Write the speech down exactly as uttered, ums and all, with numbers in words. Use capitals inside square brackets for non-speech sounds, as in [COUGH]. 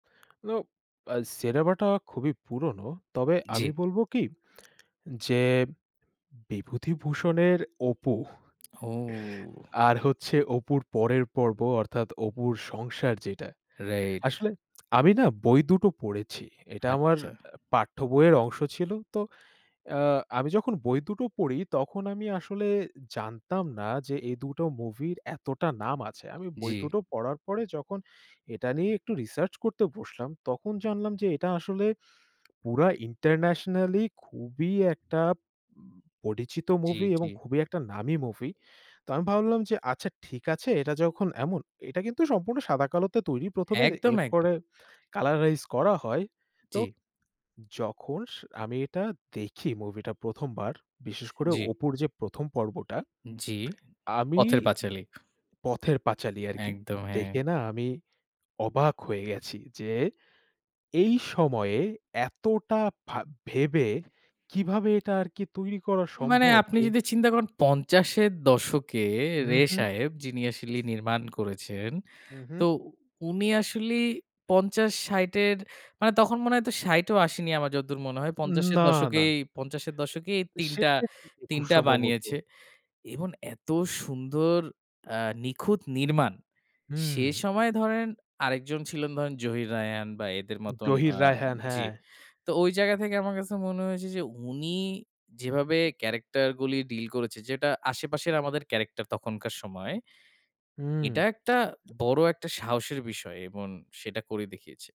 না, আ সিনেমাটা খুবই পুরনো। তবে আমি জি। বলব কি [SMACKS LIPS] যে বিভূতিভূষণের অপু [CHUCKLES] ও! আর হচ্ছে অপুর পরের পর্ব অর্থাৎ অপুর সংসার যেটা। Right. আসলে [SMACKS LIPS] আমি না বই দুটো পড়েছি। এটা আমার আচ্ছা। পাঠ্যবইয়ের অংশ ছিল। তো, আ আমি যখন বই দুটো পড়ি, তখন আমি আসলে জানতাম না যে এই দুটো মুভির এতটা নাম আছে। আমি বই জি। দুটো পড়ার পরে যখন এটা নিয়ে একটু research করতে বসলাম, তখন জানলাম যে [TSK] এটা আসলে পুরা internationally খুবই একটা পরিচিত জি, movie জি। এবং খুবই একটা নামী movie। তো আমি ভাবলাম যে, "আচ্ছা ঠিক আছে এটা যখন এমন," এটা কিন্তু সম্পূর্ণ সাদাকালোতে তৈরি প্রথমে একদম, একদম। এরপরে colorize করা হয়। তো জি। যখন স আমি এটা দেখি movie -টা প্রথম বার, বিশেষ করে জি। অপুর যে প্রথম পর্বটা, জি। আমি পথের পাঁচালী, পথের পাঁচালী আরকি, একদম, হ্যাঁ। দেখে না আমি অবাক হয়ে গেছি যে, এই সময়ে এতটা ভা ভেবে কিভাবে এটা আর কি তৈরি করা মানে সম্ভব আপনি ও যদি চিন্তা করেন পঞ্চাশ এর দশকে হুম, রে হুম। সাহেব, যিনি আসলে নির্মাণ করেছেন, উ, হুম। তো উনি আসলে পঞ্চাশ, ষাট এর মানে তখন মনে হয় তো ষাট ও আসেনি আমার যতদূর মনে হয়। পঞ্চাশ এর না, না। দশকেই, পঞ্চাশ এর দশকেই তিন টা, সেটা তিন খুব টা সম্ভবত। বানিয়েছে। এবং এত সুন্দর, আ নিখুঁত নির্মাণ। সে হুম। সময়ে ধরেন আরেকজন ছিলেন ধরেন জহির রায়হান বা এদের মতন, জহির আ রায়হান, জি। হ্যাঁ। তো ওই জায়গা থেকে আমার কাছে মনে হয়েছে যে, উনি যেভাবে ক্যারেক্টারগুলি ডিল করেছে, যেটা আশেপাশের আমাদের ক্যারেক্টার তখনকার সময়ে, হুম। এটা একটা বড় একটা সাহসের বিষয় এবং সেটা করে দেখিয়েছে।